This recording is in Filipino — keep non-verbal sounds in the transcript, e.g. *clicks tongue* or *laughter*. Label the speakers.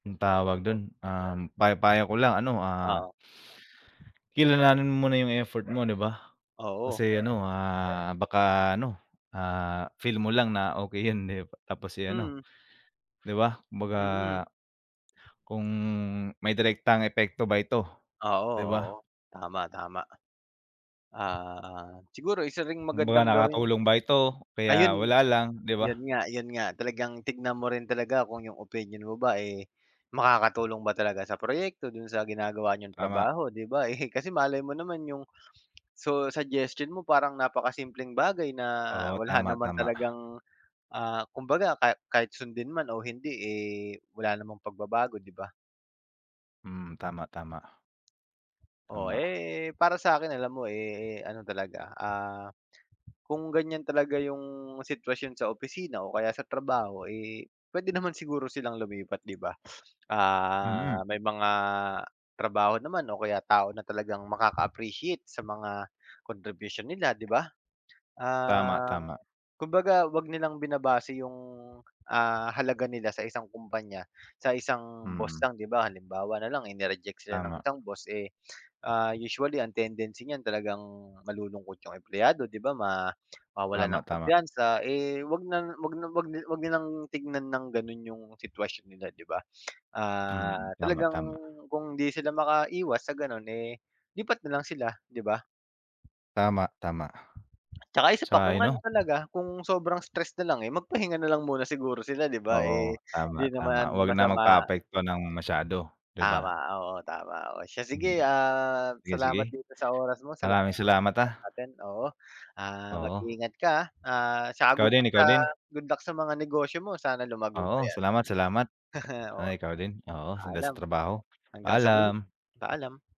Speaker 1: Yung tawag dun, um, pay payo ko lang ano, ah,
Speaker 2: Oo.
Speaker 1: kilalanin mo muna yung effort mo, 'di ba?
Speaker 2: Oo.
Speaker 1: Kasi ano, ah, baka ano, ah, feel mo lang na okey yun tapos eh, ano.
Speaker 2: Mm.
Speaker 1: Di ba, kumbaga
Speaker 2: Mm.
Speaker 1: kung may direktang epekto ba ito,
Speaker 2: Oo,
Speaker 1: 'di
Speaker 2: oo,
Speaker 1: ba?
Speaker 2: tama-tama. Ah, siguro isa ring
Speaker 1: Kumbaga
Speaker 2: magandang gawin.
Speaker 1: nakatulong ba ito o kaya
Speaker 2: Ayun,
Speaker 1: wala lang, 'di
Speaker 2: 'yon
Speaker 1: ba?
Speaker 2: nga 'yon nga talagang tignan mo rin talaga kung yung opinion mo ba eh, makakatulong ba talaga sa proyekto do'n sa ginagawa niyong
Speaker 1: Tama.
Speaker 2: trabaho, 'di ba eh. Kasi malay mo naman yung su suggestion mo parang napakasimpleng bagay na
Speaker 1: Oo,
Speaker 2: wala
Speaker 1: tama,
Speaker 2: naman
Speaker 1: tama.
Speaker 2: talagang, ah, kumbaga ka kahit sundin man o hindi eh, wala namang pagbabago, 'di ba?
Speaker 1: Hmm, tama, tama.
Speaker 2: Oo,
Speaker 1: Tama.
Speaker 2: eh, para sa'kin alam mo eh, ano talaga, ah, kung ganiyan talaga yung sitwasyon sa opisina o kaya sa trabaho eh, puwede naman siguro silang lumipat, 'di ba? Ah,
Speaker 1: Mm.
Speaker 2: may mga trabaho naman o kaya tao na talagang makaka-appreciate sa mga contribution nila, 'di ba?
Speaker 1: Tama,
Speaker 2: Um,
Speaker 1: tama.
Speaker 2: kumbaga 'wag nilang binabase yung, ah, halaga nila sa isang kumpanya, sa isang boss
Speaker 1: Mm.
Speaker 2: lang, 'di ba? Halimbawa nalang eh ni-reject sila ng
Speaker 1: Tama.
Speaker 2: isang boss eh, ah, usually ang tendency niyan talagang malulungkot yung empleyado, 'di ba, ma mawawalan
Speaker 1: Tama,
Speaker 2: ng
Speaker 1: tama.
Speaker 2: kumpiyansa eh, 'wag na 'wag na 'wag 'wag nilang tingnan ng gano'n yung sitwasyon nila, 'di ba? *clicks tongue* Ah,
Speaker 1: Mm, tama,
Speaker 2: talagang
Speaker 1: tama.
Speaker 2: kung hindi sila makaiwas sa gano'n eh, lipat na lang sila, 'di ba?
Speaker 1: Tama, tama.
Speaker 2: Tsaka isa pa kung
Speaker 1: Sang-ayon
Speaker 2: ano
Speaker 1: ako.
Speaker 2: talaga, kung sobrang stress nalang eh, magpahinga nalang muna siguro sila, 'di ba,
Speaker 1: Oo,
Speaker 2: eh,
Speaker 1: tama,
Speaker 2: di naman
Speaker 1: tama, 'wag na
Speaker 2: masama.
Speaker 1: magpaapekto ng masyado, 'di
Speaker 2: Tama,
Speaker 1: ba?
Speaker 2: oo, tama, oo, siya
Speaker 1: Hmm.
Speaker 2: sige, ah,
Speaker 1: Sige, sige
Speaker 2: salamat dito sa oras mo. Salamat
Speaker 1: maraming salamat ah.
Speaker 2: *unintelligible* natin, oo, ah,
Speaker 1: Oo.
Speaker 2: mag-iingat ka, ah, tsaka
Speaker 1: Ikaw
Speaker 2: good
Speaker 1: din,
Speaker 2: luck sa
Speaker 1: ikaw din.
Speaker 2: good luck sa mga negosyo mo sana lumago pa
Speaker 1: Oo,
Speaker 2: yan.
Speaker 1: salamat, salamat.
Speaker 2: *chuckles* Oo
Speaker 1: Sana ikaw din oo, less
Speaker 2: paalam.
Speaker 1: sa trabaho.
Speaker 2: Hanggang sa huli.
Speaker 1: Paalam.
Speaker 2: Paalam.